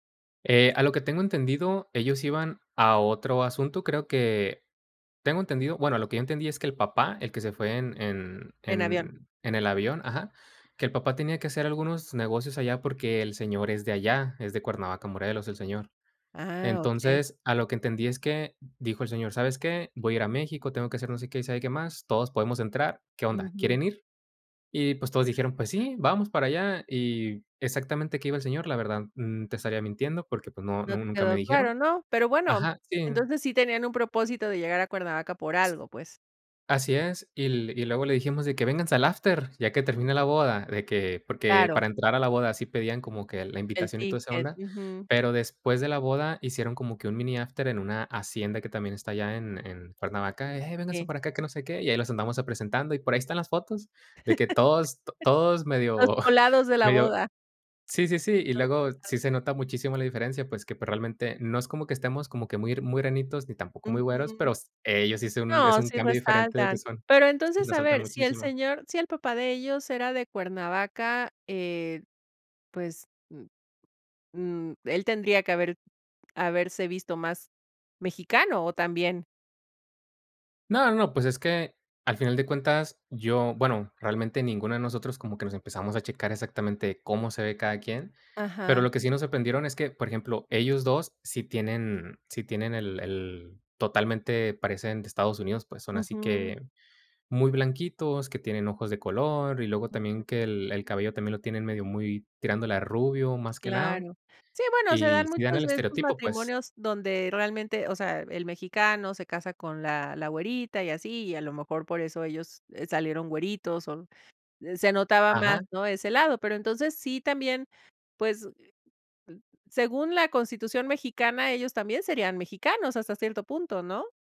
Eh, a lo que tengo entendido, ellos iban a otro asunto. Creo que, tengo entendido bueno, lo que yo entendí es que el papá, el que se fue en en En avión. en en el avión, ajá, que el papá tenía que hacer algunos negocios allá porque el señor es de allá. Es de Cuernavaca, Morelos, el señor. Ah, okey. Entonces, a lo que entendí es que dijo el señor: "¿Sabes qué? Voy a ir a México. Tengo que hacer no sé qué y sabe qué más. Todos podemos entrar, ¿qué onda?, Ujú. ¿quieren ir?". Y, pues, todos dijeron, pues [unintelligible] sí, vamos para allá y exactamente a qué iba el señor, la verdad, mm, te estaría mintiendo porque, pues no, No nu te nunca me quedó claro, dijeron. ¿no? Pero bueno, Ajá, sí. entonces sí tenían un propósito de llegar a Cuernavaca por algo, pues. Así es, y y luego le dijimos de que: "Vénganse al after, ya que termine la boda". De que porque Claro. para entrar a la boda sí pedían como que la El invitación y toda esa ticket, onda. ujú. Pero después de la boda hicieron como que un mini after en una hacienda que también está allá en en Cuernavaca, y: "Hey, vénganse Que para acá, que no sé qué". Y ahí los andamos a presentando y por ahí están las fotos de que todos, to todos Los medio, colados de la medio boda. Sí, sí, sí. Y luego, sí [unintelligible] se nota muchísimo la diferencia, pues, que probablemente no es como que estemos como que muy, muy granitos, ni tampoco muy güeros, Ujú. pero s ellos sí es un es No, un sí cambio diferente de que resaltan. son Pero, Sí, entonces, a resaltan ver, si el muchísimo. señor si el papá de ellos era de Cuernavaca eh, pues, mm, mm, él tendría que haber haberse visto más mexicano o también No, no, no, pues, es que al final de cuentas yo, bueno, realmente ninguno de nosotros como que nos empezamos a checar exactamente cómo se ve cada quien. Pero Ajá. lo que sí nos sorprendieron es que, por ejemplo, ellos 2 sí tienen sí tienen el el totalmente, parecen de Estados Unidos. Pues, son así Ujú. que muy blanquitos, que tienen ojos de color y luego también que el el cabello también lo tienen medio muy tirándole a rubio, más que nada. Claro. Sí, bueno, se Y dan si dan muchos el de estos estereotipo, pues. matrimonios donde realmente, o sea, el mexicano se casa con la la güerita y así, y a lo mejor por eso ellos, eh, salieron güeritos o se notaba más, Ajá. ¿no?, ese lado. Pero, entonces, sí también, pues, eh, uh, según la Constitución mexicana, ellos también serían mexicanos, hasta cierto punto, ¿no?